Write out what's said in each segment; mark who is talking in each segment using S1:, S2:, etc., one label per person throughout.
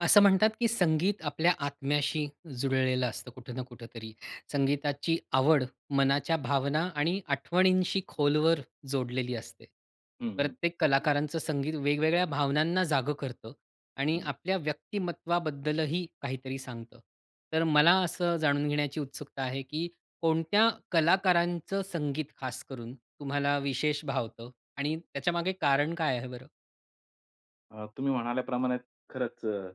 S1: असं म्हणतात की संगीत आपल्या आत्म्याशी जुळलेलं असतं कुठं ना कुठेतरी. संगीताची आवड, मनाच्या भावना आणि आठवणींशी खोलवर जोडलेली असते.
S2: हं, हं.
S1: प्रत्येक कलाकारांचं संगीत वेगवेगळ्या भावनांना जागं करतं आणि
S2: हं.
S1: आपल्या व्यक्तिमत्त्वाबद्दलही काहीतरी सांगतं. तर मला असं जाणून घेण्याची उत्सुकता आहे की कोणत्या कलाकारांचं संगीत खासकरून, तुम्हाला विशेष भावतं आणि त्याच्यामागे कारण काय आहे बरं?
S2: अ, तुम्ही म्हणाल्याप्रमाणे खरंच अ,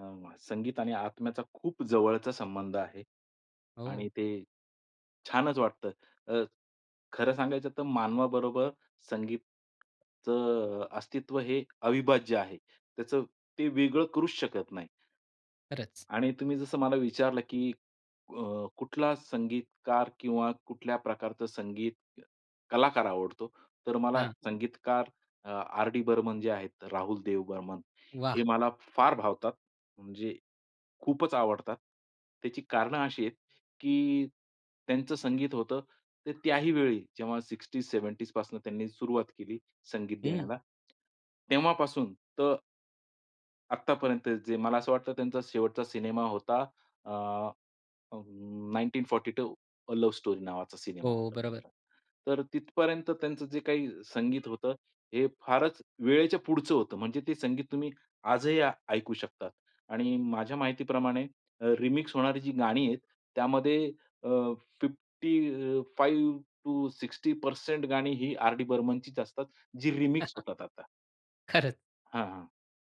S2: अ, संगीत आणि आत्म्याचा खूप जवळचा संबंध आहे
S1: हो.
S2: आणि ते छानच वाटतं. अ, खरं सांगायचं तर मानवाबरोबर संगीतचं अ, अस्तित्व हे अविभाज्य आहे. त्याचं ते वेगळं करूच शकत नाही.
S1: खरंच.
S2: आणि तुम्ही जसं मला विचारलं की अ, कुठला संगीतकार किंवा कुठल्या प्रकारचं संगीत कलाकार आवडतो? तर मला
S1: हां.
S2: संगीतकार अ, आर. डी. बर्मन जे आहेत राहुल देव बर्मन हे
S1: वाह!
S2: मला फार भावतात. म्हणजे खूपच आवडतात. त्याची कारणं अशी आहेत, की त्यांचं संगीत होतं, तर त्याही वेळी जेव्हा 60s, 70s पासूनं त्यांनी सुरुवात केली संगीत
S1: हं.
S2: देण्याला. तेव्हापासून तर आत्तापर्यंत जे मला असं वाटतं त्यांचा शेवटचा सिनेमा होता अ, अं, 1942, अ लव्ह स्टोरी नावाचा सिनेमा
S1: हो,
S2: होता
S1: बरोबर.
S2: त्यांचा. तर तिथपर्यंत त्यांचं जे काही संगीत होतं हे फारच वेळेच्या पुढचं होतं. म्हणजे ते संगीत तुम्ही आजही ऐ ऐकू शकतात आणि माझ्या माहितीप्रमाणे अ, रिमिक्स होणारी जी गाणी आहेत त्यामध्ये अ, 55 अ, टू 60% गाणी ही आर डी बर्मनचीच असतात जी रिमिक्स होतात आता.
S1: खरंच.
S2: हां, हां.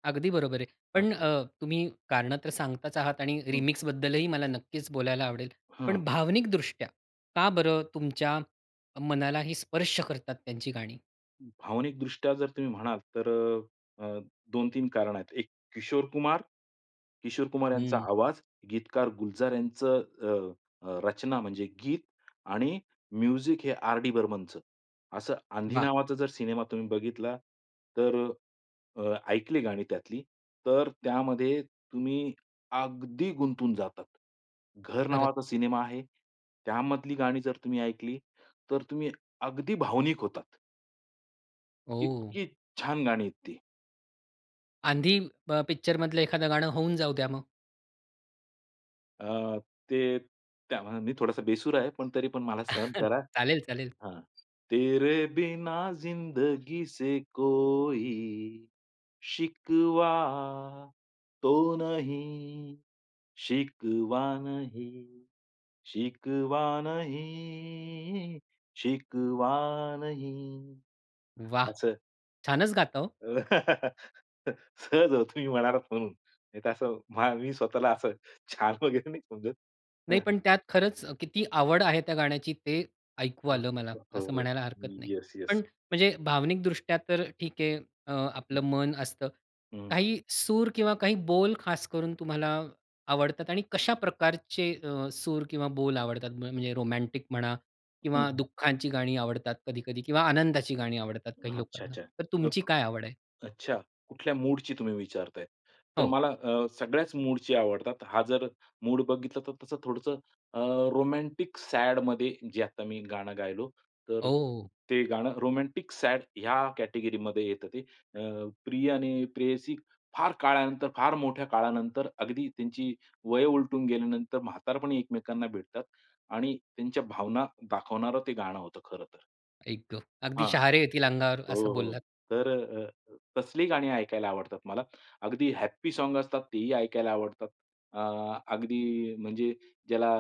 S1: अगदी बरोबर आहे.
S2: हां.
S1: पण अ, तुम्ही कारणं तर सांगताच आहात आणि
S2: हं.
S1: रिमिक्सबद्दलही मला नक्कीच बोलायला आवडेल.
S2: हं.
S1: पण भावनिकदृष्ट्या का बरं तुमच्या मनालाही स्पर्श करतात त्यांची गाणी?
S2: भावनिकदृष्ट्या जर तुम्ही म्हणाल तर अ, अ, 2-3 कारणं आहेत. एक किशोर कुमार. किशोर कुमार यांचा
S1: हं.
S2: आवाज. गीतकार गुलजार यांचं अ, अ, रचना म्हणजे गीत आणि म्युझिक हे आर डी बर्मनचं. असं आंधी
S1: वाह!
S2: नावाचा जर सिनेमा तुम्ही बघितला तर अ, अ, ऐकली गाणी त्यातली तर त्यामध्ये तुम्ही अगदी गुंतून जातात. घर
S1: खरंच.
S2: नावाचा सिनेमा आहे. त्यामधली गाणी जर तुम्ही ऐकली तर तुम्ही अगदी भावनिक होतात.
S1: ओ.
S2: इतकी छान! गाणी आहेत ती.
S1: आंधी पिक्चर मधलं एखादं गाणं होऊन जाऊ द्या मग.
S2: अ, ते त्यामानाने मी थोडासा बेसूर आहे. पण तरी पण मला सहन करा.
S1: चालेल, चालेल.
S2: हां. तेरे बिना जिंदगी से कोई शिकवा तो नहीं शिकवा नहीं शिकवा नहीं शिकवा नहीं
S1: वाह!
S2: असं.
S1: छानच गाता हो.
S2: सहज हो, तुम्ही म्हणालात म्हणून नाही, तर असं मा मी स्वतःला असं छान वगैरे नाही
S1: नाही
S2: समजत.
S1: पण त्यात खरंच किती आवड आहे त्या गाण्याची ते ऐकू
S2: हां
S1: आलं मला,
S2: हो.
S1: असं
S2: हो,
S1: म्हणायला हरकत नाही. पण
S2: येस-येस.
S1: म्हणजे भावनिक दृष्ट्या तर ठीक आहे. अ,
S2: हं.
S1: आपलं मन असतं.
S2: हं.
S1: काही सूर किंवा काही बोल खास करून तुम्हाला आवडतात आणि कशा प्रकारचे अ, सूर किंवा बोल आवडतात? म्हणजे रोमॅटिक म्हणा
S2: हं,
S1: किंवा
S2: हं.
S1: दुःखांची गाणी आवडतात कधी-कधी किंवा आनंदाची गाणी आवडतात काही
S2: अच्छा,
S1: लोकांना.
S2: अच्छा
S1: तर तुमची
S2: [unintelligible]
S1: काय आवड आहे?
S2: अच्छा कुठल्या मूडची तुम्ही विचारताय? तर
S1: हो.
S2: मला अ, सगळ्याच मूडची आवडतात. हा जर मूड बघितला तर तसं थोडंसं अ, रोमॅन्टिक सॅडमध्ये जे आता मी गाणं गायलो तर
S1: ओ!
S2: ते गाणं रोमॅन्टिक सॅड ह्या कॅटेगरीमध्ये येतं ते. अ, प्रिय आणि प्रेयसी फार काळानंतर, फार मोठ्या काळानंतर अगदी त्यांची वयं उलटून गेल्यानंतर म्हातारपणी एकमेकांना भेटतात आणि त्यांच्या भावना दाखवणारं ते गाणं होतं खरं तर.
S1: आई गं! अगदी
S2: हां.
S1: शहारे येतील अंगावर
S2: हो,
S1: असं
S2: हो
S1: बोललात.
S2: तर अ, तसली गाणी ऐकायला आवडतात मला. अगदी हॅप्पी सॉन्ग असतात तेही ऐकायला आवडतात. अ, अगदी म्हणजे ज्याला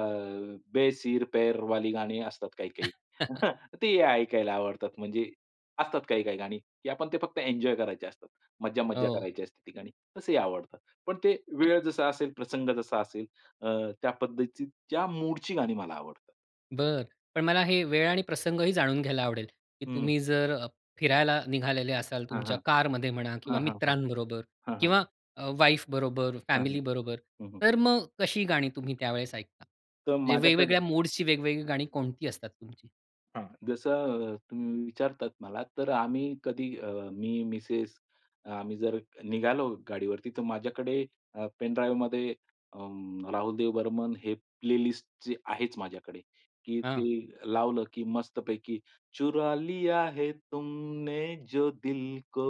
S2: बे सिर पैर वाली गाणी असतात काही-काही तेही ऐकायला आवडतात. म्हणजे असतात काही-काही गाणी, की आपण ते फक्त एन्जॉय करायचे असतात. मज्जा-मज्जा
S1: हो.
S2: करायची असते, ती गाणी तसेही आवडतात. पण ते
S1: [unintelligible]
S2: वेळ जसा असेल प्रसंग जसा असेल अ, त्या पद्धतीत त्या मूडची गाणी मला आवडतात.
S1: बरं, पण मला हे वेळ आणि प्रसंग ही जाणून घ्यायला आवडेल,, की
S2: हं.
S1: तुम्ही जर अ, फिरायला निघालेले असाल
S2: हां,
S1: तुमच्या
S2: हां.
S1: कारमध्ये म्हणा किंवा
S2: हां, हां, हां.
S1: मित्रांबरोबर
S2: हां, हां.
S1: किंवा अ, वाईफ बरोबर,
S2: हां, हां.
S1: फॅमिली बरोबर.
S2: हं, हं.
S1: तर मग कशी गाणी तुम्ही त्यावेळेस ऐकता?
S2: तर
S1: म्हणजे
S2: माझ्याकडे
S1: वेगवेगळ्या मूड्सची वेगवेगळी गाणी कोणती असतात तुमची?
S2: हां, जसं अ, तुम्ही विचारतात मला तर आम्ही कधी अ, मी मिसेस अ, आम्ही जर निघालो गाडीवरती, तर माझ्याकडे अ, पेनड्राइवमध्ये अं, राहुल देव बर्मन हे प्लेलिस्ट जी आहेच माझ्याकडे की ते
S1: हां.
S2: लावलं, की मस्तपैकी चुरा लिया है तुमने जो दिल को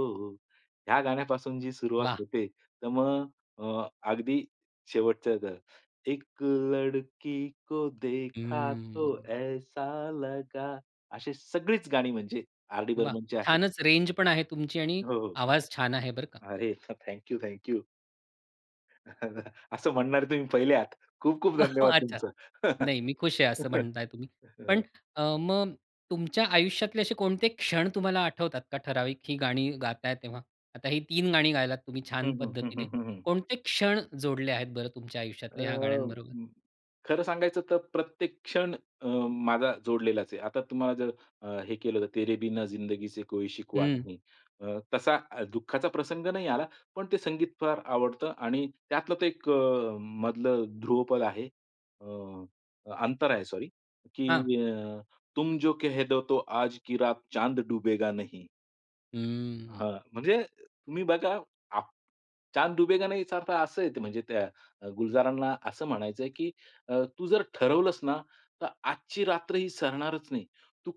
S2: ह्या गाण्यापासून जी सुरुवात
S1: वाह!
S2: होते, तर मग अ, अगदी शेवटचं द एक लडकी को देखा तो
S1: हं.
S2: ऐसा लगा अशी सगळीच गाणी म्हणजे आर. डी.
S1: वाह!
S2: बर्मनची आहेत.
S1: छानच रेंज पण आहे तुमची आणि
S2: हो, हो.
S1: आवाज छान आहे बरं का!
S2: अरे! Thank you, thank you. असं म्हणणारे तुम्ही पहिले आहात, खूप-खूप धन्यवाद
S1: अच्छा.
S2: तुमचं.
S1: नाही मी खुश आहे, असं म्हणत आहे तुम्ही. पण अ, मग तुमच्या आयुष्यातले असे कोणते क्षण तुम्हाला आठवतात का ठराविक ही गाणी गाताय तेव्हा? आता ही 3 गाणी गायलात तुम्ही छान
S2: हं, हं. हं,
S1: पद्धतीने.
S2: हं, हं.
S1: कोणते क्षण जोडले आहेत बरं तुमच्या आयुष्यातले ह्या
S2: अ,
S1: गाण्यांबरोबर?
S2: खरं सांगायचं तर प्रत्येक क्षण अ, माझा जोडलेलाच आहे. आता तुम्हाला जर अ, हे केलं तर "तेरे बिना जिंदगी से कोई शिकवा
S1: हं.
S2: नही" अ, तसा अ, दुःखाचा प्रसंग नाही आला, पण ते संगीत फार आवडतं आणि त्यातलं तर एक अ, मधलं ध्रुवपद आहे अ, अंतरा आहे सॉरी
S1: हां.
S2: की अ, "तुम जो कहे दो तो आज की रात चांद डूबेगा नहीं."
S1: हम्म.
S2: हां, म्हणजे तुम्ही बघा आ चांद डुबेगा नाही याचा अर्थ असं आहे म्हणजे त्या, अ, गुलजारांना असं म्हणायचंय की अ, तू जर ठरवलंस ना, तर आजची रात्र ही सरणारच नाही. तू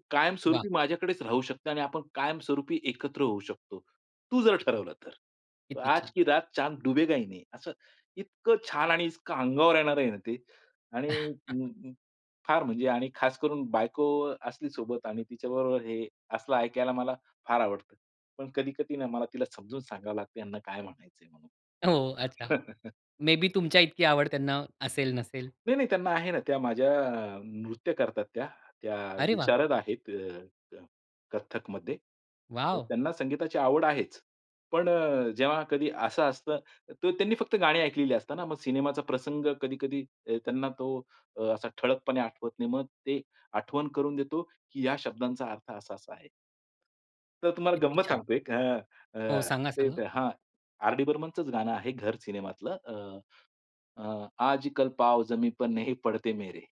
S1: वाह!
S2: कायमस्वरूपी माझ्याकडेच राहू शकते आणि आपण कायमस्वरूपी एकत्र होऊ शकतो. तू जर ठरवलं तर.
S1: किती
S2: आज
S1: छान!
S2: की रात चांद डुबेगा ही नाही असं इतकं छान आणि इतकं अंगावर येणार आहे ना ते आणि फार म्हणजे आणि खास करून बायको अ, असली सोबत आणि तिच्याबरोबर हे असलं ऐकायला मला फार आवडतं. पण कधी-कधी मला तिला समजून सांगावं लागते त्यांना काय म्हणायचं आहे म्हणून.
S1: हो, अच्छा. मे बी तुमच्या इतकी आवड त्यांना असेल, नसेल?
S2: नाही-नाही त्यांना आहे ना, त्या माझ्या अ, नृत्य करतात त्या, त्या
S1: अरे वाह!
S2: विशारद आहेत अ, अ, कथ्थकमध्ये. तर
S1: वॉव!
S2: त्यांना संगीताची आवड आहेच. पण अ, जेव्हा कधी असं असतं तर त्यांनी फक्त गाणी ऐकलेली असताना मग सिनेमाचा प्रसंग कधी-कधी अ, त्यांना तो असा अ, ठळकपणे आठवत नाही. मग ते आठवण करून देतो की या शब्दांचा अर्थ असा-असा आहे. तर तुम्हाला
S1: किती
S2: गंमत
S1: छान!
S2: सांगतोय अ,
S1: हो,
S2: अ,
S1: सांगा-सांगा?
S2: ते हां, आरडी बर्मनचं गाणं आहे. घर सिनेमातलं अ, अ, आजकल पाव जमी पर नही पडते मेरे.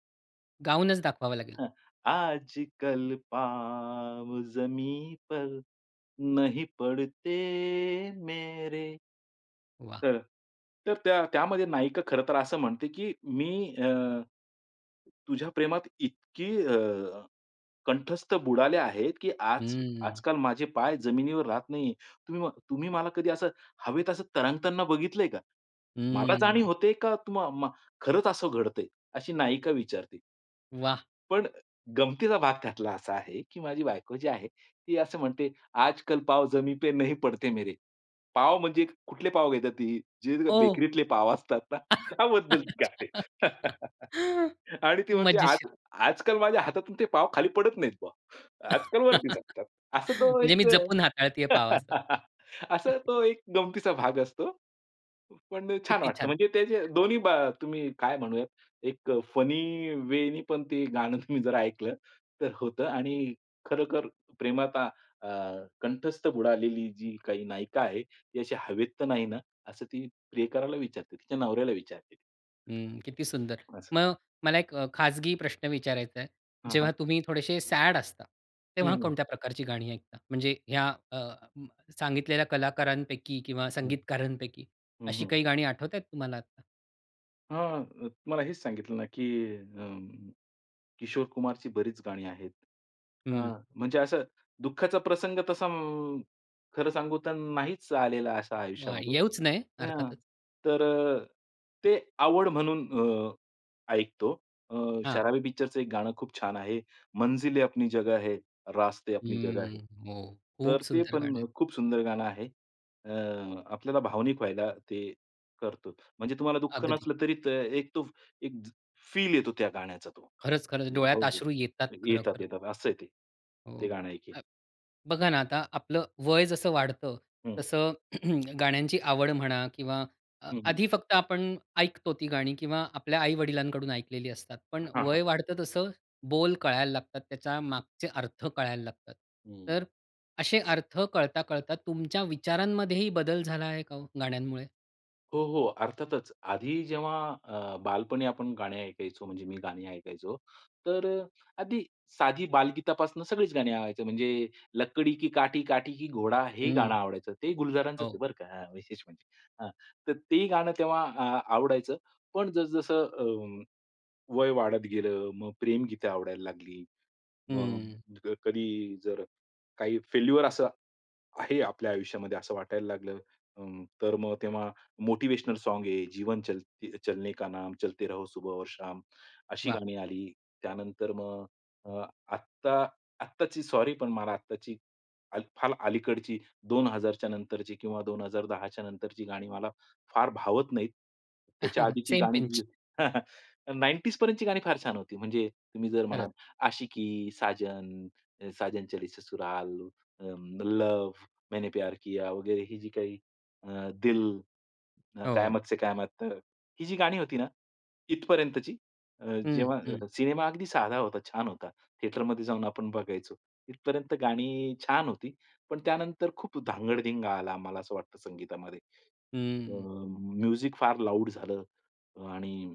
S1: गाऊनच दाखवावं लागेल.
S2: हां. "आजकल पाँव जमीन पर नहीं पडते मेरे."
S1: वाह!
S2: तर तर त्या त्यामध्ये नायिका खरंतर असं म्हणते की "मी अ, तु तुझ्या प्रेमात इतकी अ, कंठस्थ बुडाले आहे की आज
S1: हम्म.
S2: आजकाल माझे पाय जमिनीवर राहत नाही आहेत. तुम्ही म तुम्ही मला कधी असं हवेत असं तरंगताना बघितलंय का? मला जाणीव
S1: हम्म.
S2: होते का तुम्हा मा खरंच असं घडतंय?" अशी नायिका विचारते.
S1: वाह!
S2: पण अ, गमंतीचा भाग त्यातला असा आहे की माझी बायको जी आहे ती असं म्हणते, "आजकल पाव जमी पे नहीं पडते मेरे." पाव म्हणजे कुठले पाव घेतात ती जे ती,
S1: ओह!
S2: बेकरीतले पाव असतात ना त्याबद्दल गाते. आणि ती म्हणते आज
S1: मजेशीर.
S2: आजकाल माझ्या हातातून ते पाव खाली पडत नाहीत बुवा. आजकाल वरती चालतात. असं तो
S1: म्हणजे मी
S2: एक
S1: जपून हाताळतीय
S2: अ,
S1: पाव असं.
S2: असा तो एक गमंतीचा भाग असतो, प पण छान
S1: किती
S2: वाटतं
S1: छान.
S2: म्हणजे त्या दोन्ही बा तुम्ही काय म्हणूयात, एक अ, फनी वेनी पण ते गाणं तुम्ही जर ऐकलं, तर होतं आणि खरोखर प्रेमात आ अ, कंठस्थ बुडालेली जी काही नायिका आहे ती अशी हवेत तर नाही ना, असं ती प्रियकराला विचारते, तिच्या नवऱ्याला विचारते.
S1: हं, किती सुंदर.
S2: असं.
S1: मग मला एक अ, खाजगी प्रश्न विचारायचा आहे.
S2: हां, हां.
S1: जेव्हा तुम्ही थोडेसे सॅड असता,
S2: हं,
S1: तेव्हा
S2: हं.
S1: कोणत्या प्रकारची गाणी ऐकता? म्हणजे ह्या अ, म सांगितलेल्या कलाकारांपैकी
S2: हं,
S1: किंवा
S2: हं.
S1: संगीतकारांपैकी
S2: हं,
S1: अशी
S2: हं.
S1: काही गाणी आठवतायत तुम्हाला आत्ता?
S2: हां. तुम्हाला हेच सांगितलं ना की अ, किशोर कुमारची बरीच गाणी आहेत. अ,
S1: हं.
S2: म्हणजे असं दुःखाचा प्रसंग तसा खरं सांगू तर नाहीच आलेला असा,
S1: वाह!
S2: आयुष्यामध्ये
S1: येऊच नये
S2: हं.
S1: अर्थातच.
S2: तर ते आवड म्हणून अ, ऐकतो. अ,
S1: हां.
S2: शराबी पिक्चरचं एक गाणं खूप छान आहे मंजिले अपनी जगह है, रास्ते अपनी जगह है.
S1: हम्म. हो. खूप
S2: तर ते
S1: सुंदर गाणं आहे.
S2: पण खूप सुंदर गाणं आहे. अ, आपल्याला भावनिक व्हायला ते करतो. म्हणजे तुम्हाला दुःख
S1: अगदी.
S2: नसलं तरी त एक तो, फ एक ज फील येतो गाण्याचा तो.
S1: खरंच, खरंच.
S2: हो,
S1: डोळ्यात
S2: हो
S1: अश्रू येतात,
S2: येतात,
S1: खरोखर!
S2: येतात. असं आहे ते. ते
S1: हो,
S2: गाणं एक आहे.
S1: अ, बघा ना, आता आपलं वय जसं वाढतं
S2: हम्म
S1: तसं गाण्यांची आवड म्हणा किंवा
S2: हं, हं.
S1: आधी फक्त आपण ऐकतो ती गाणी किंवा आपल्या आई-वडिलांकडून ऐकलेली असतात, पण
S2: हां, हां.
S1: वय वाढतं तसं बोल कळायला लागतात. त्याच्या मागचे अर्थ कळायला लागतात.
S2: हं.
S1: तर असे अर्थ कळता-कळता तुमच्या विचारांमध्येही बदल झाला आहे का हो, गाण्यांमुळे?
S2: हो, हो, अर्थातच. आधी जेव्हा अ, बालपणी आपण गाणी ऐकायचो, म्हणजे मी गाणी ऐकायचो, तर आधी, साधी बालगीतापासून सगळीच गाणी आवडायचं, म्हणजे लकडी की काठी, काठी की घोडा हे गाणं
S1: हम्म,
S2: आवडायचं. ते गुलजारांचच
S1: हो.
S2: आहे बरं का अ, विशेष म्हणजे. हां, तर तेही गाणं तेव्हा अ, आवडायचं. पण जसं जसं अ, वय वाढत गेलं, मग प्रेमगीत आवडायला लागली.
S1: हम्म.
S2: मग कधी जर काही फेल्युअर असं आहे आपल्या आयुष्यामध्ये असं वाटायला लागलं अ, तर मग तेव्हा मोटिवेशनल सॉन्ग आहे जीवन चलते चलने का नाम, चलते रहो सुबह और शाम. अशी
S1: वाह!
S2: गाणी आली. त्यानंतर मग आत्ता आत्ताची, सॉरी पण मला आत्ताची फार अलीकडची 2000 नंतरची किंवा 2010च्या नंतरची गाणी मला फार भावत नाहीत. त्याच्या आधीची
S1: सेम
S2: गाणी जी
S1: पिंच.
S2: आहेत, 90s पर्यंतची गाणी फार छान होती म्हणजे तुम्ही जर
S1: खरंच.
S2: म्हणाल आशिकी, साजन, साजन चली ससुराल, लव्ह, मैंने प्यार किया, वगैरे ही जी काही अ, दिल,
S1: हो.
S2: कयामत से कयामत तक, ही जी गाणी होती ना, इथपर्यंतची,
S1: हं, हं.
S2: जेव्हा सिनेमा अगदी साधा होता, छान होता, थिएटर मध्ये जाऊन आपण बघायचो, इथपर्यंत गाणी छान होती, पण त्यानंतर खूप धांगडधिंगा आला, आम्हाला असं वाटतं संगीतामध्ये अ,
S1: हम्म.
S2: म्युझीक फार लाउड झालं आणि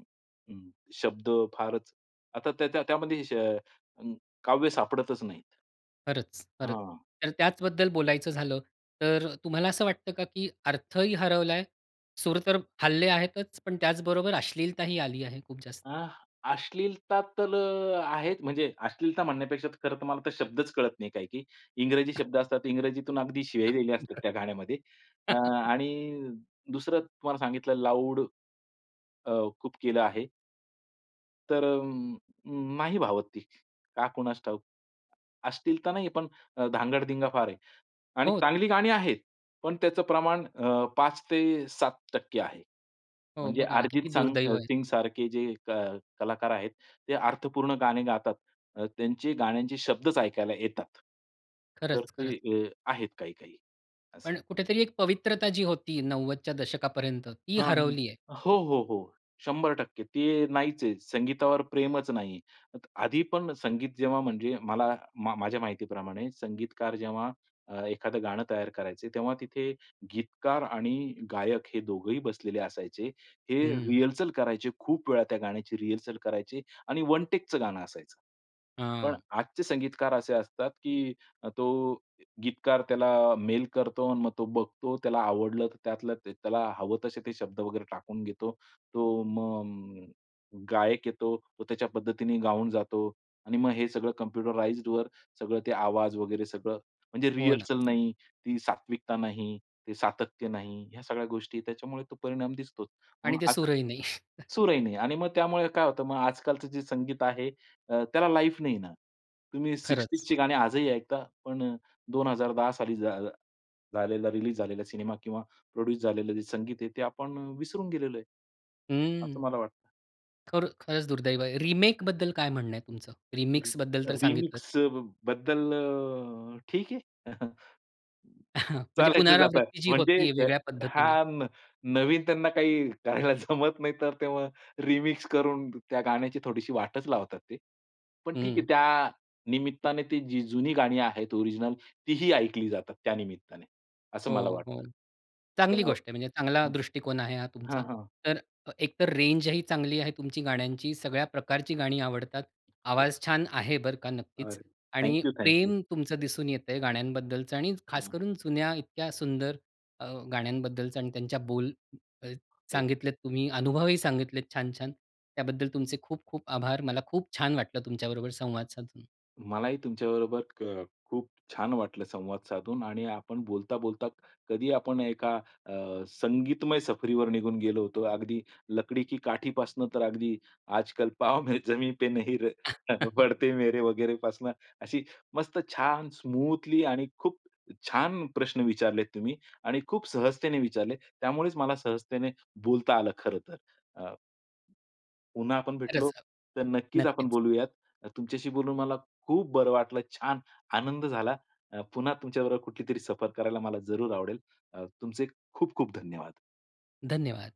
S2: शब्द फारच आता त्याच्या त्यामध्ये अ, काव्य सापडतच नाहीत.
S1: खरंच, खरंच.
S2: हां.
S1: तर त्याच बद्दल बोलायचं झालं. तर तुम्हाला असं वाटतं का, की अर्थ ही हरवलाय. सूर तर हलले आहेतच पण त्याचबरोबर अश्लीलता ही आली आहे खूप जास्त?
S2: अ, अश्लीलता तर आहेत. म्हणजे अश्लीलता म्हणण्यापेक्षा, खरं तर मला तर शब्दच कळत नाही काही की, इंग्रजी शब्द असतात इंग्रजीतून अगदी शिव्या दिल्या असतात
S1: [unintelligible]
S2: त्या गाण्यामध्ये. अ, आणि दुसरं तुम्हाला सांगितलं लाउड, अ, खूप केलं आहे. तर अ, अ, नाही भावत ती, का कुणास ठाऊक. अश्लील तर नाही, पण धांगडधिंगा फार आहे आणि
S1: हो.
S2: चांगली गाणी आहेत, पण त्याचं प्रमाण अ, 5-7% आहे.
S1: हो,
S2: म्हणजे
S1: बघा ना,
S2: अर्जित
S1: किती
S2: संग
S1: दुर्दैव आहे.
S2: सिंग सारखे जे क कलाकार आहेत, ते अर्थपूर्ण गाणे गातात. अ, त्यांचे गाण्यांचे शब्दच ऐकायला येतात. तर
S1: खरंच,
S2: ते
S1: खरंच.
S2: अ, आहेत काही-काही
S1: पण
S2: असे.
S1: कुठेतरी एक पवित्रता जी होती 90च्या दशकापर्यंत ती
S2: हां, हां.
S1: हरवली आहे.
S2: हो, हो, हो. 100% ते नाहीच आहे, संगीतावर प्रेमच नाही. आधी पण संगीत जेव्हा म्हणजे मला मा माझ्या माहितीप्रमाणे संगीतकार जेव्हा अ, एखादं गाणं तयार करायचे, तेव्हा तिथे गीतकार आणि गायक हे दोघंही बसलेले असायचे, हे
S1: हं.
S2: रिहर्सल करायचे खूप वेळा त्या गाण्याची रिहर्सल करायचे आणि वन टेकचं गाणं असायचं. पण
S1: हां.
S2: आजचे संगीतकार असे असतात, की तो गीतकार त्याला मेल करतो आणि मग तो बघतो, त्याला आवडलं तर त्यातलं ते त्याला हवं तसे ते शब्द वगैरे टाकून घेतो. तो मग गायक येतो. तो त्याच्या पद्धतीने गाऊन जातो आणि मग हे सगळं कम्प्युटराईज्डवर सगळं ते आवाज वगैरे सगळं म्हणजे
S1: हो ना.
S2: रिहर्सल नाही, ती सात्विकता नाही, ते सातत्य नाही. ह्या सगळ्या गोष्टी त्याच्यामुळे तो परिणाम दिसतोच.
S1: आणि
S2: म्हणून
S1: ते
S2: आता
S1: सुरही नाही.
S2: सूरही नाही आणि मग त्यामुळे काय होतं मग आजकालचं जे संगीत आहे अ, त्याला लाईफ नाही ना. तुम्ही
S1: खरंच.
S2: 60sची गाणी आजही ऐकता पण 2010 साली झा झालेला, रिलीज झालेला सिनेमा किंवा प्रोड्यूस झालेलं जे संगीत आहे, ते आपण विसरून गेलेलो आहे.
S1: हम्म.
S2: असं मला वाटतं.
S1: खर खरंच दुर्दैव आहे. रिमेकबद्दल काय म्हणणं आहे तुमचं?
S2: [unintelligible]
S1: रिमिक्सबद्दल तर सांगितलंच.
S2: रिमिक्स अ, बद्दल अ, ठीक आहे.
S1: म्हणजे
S2: चालायचंच आता,
S1: पुनरावृत्ती जी
S2: म्हणजे
S1: होती आहे वेगळ्या
S2: हा
S1: पद्धतीने.
S2: नवीन त्यांना काही करायला जमत नाहीतर, तेव्हा रिमिक्स करून त्या गाण्याची थोडीशी वाटच लावतात ते. पण ठीक आहे,
S1: हं.
S2: त्या निमित्ताने, ती जी जुनी गाणी आहेत ओरिजिनल तीही ऐकली जातात, त्या निमित्ताने, असं मला
S1: हो, हो,
S2: वाटतं.
S1: चांगली
S2: [unintelligible]
S1: गोष्ट आहे. म्हणजे चांगला
S2: हं.
S1: दृष्टिकोन आहे हा तुमचा.
S2: हां, हां.
S1: तर अ, एकतर रेंजही चांगली आहे तुमची गाण्यांची. सगळ्या प्रकारची गाणी आवडतात.
S2: हो.
S1: आवाज छान आहे बरं का नक्कीच
S2: [unintelligible] थँक
S1: आणि
S2: यू, थँक यू.
S1: प्रेम तुमचं दिसून येतंय गाण्यांबद्दलचं आणि
S2: हं.
S1: खासकरून जुन्या इतक्या सुंदर अ, गाण्यांबद्दलचं आणि त्यांच्या बोल अ,
S2: हो.
S1: सांगितलेत तुम्ही, अनुभवही सांगितलेत छान-छान. त्याबद्दल तुमचे खूप-खूप आभार. मला खूप छान वाटलं तुमच्याबरोबर संवाद साधून.
S2: मलाही तुमच्याबरोबर क खूप छान वाटलं संवाद साधून आणि आपण बोलता-बोलता कधी आपण एका अ, संगीतमय सफरीवर निघून गेलो होतो. अगदी लकडी की काठी पासनं तर अगदी आजकाल पाव में जमी पे नही र बढते मेरे वगैरे पासनं, अशी मस्त छान स्मूथली आणि खूप छान प्रश्न विचारलेत तुम्ही आणि खूप सहजतेने विचारले, त्यामुळेच मला सहजतेने बोलता आलं खरंतर. अ, पुन्हा आपण भेटलो,
S1: खरंच हां.
S2: तर नक्कीच आपण
S1: नक्कीच.
S2: बोलूयात. तुमच्याशी बोलून मला खूप बरं वाटलं छान आनंद झाला अ, पुन्हा तुमच्या बरोबर कुठलीतरी सफर करायला मला जरूर आवडेल. अ, तुमचे खूप-खूप धन्यवाद.
S1: धन्यवाद.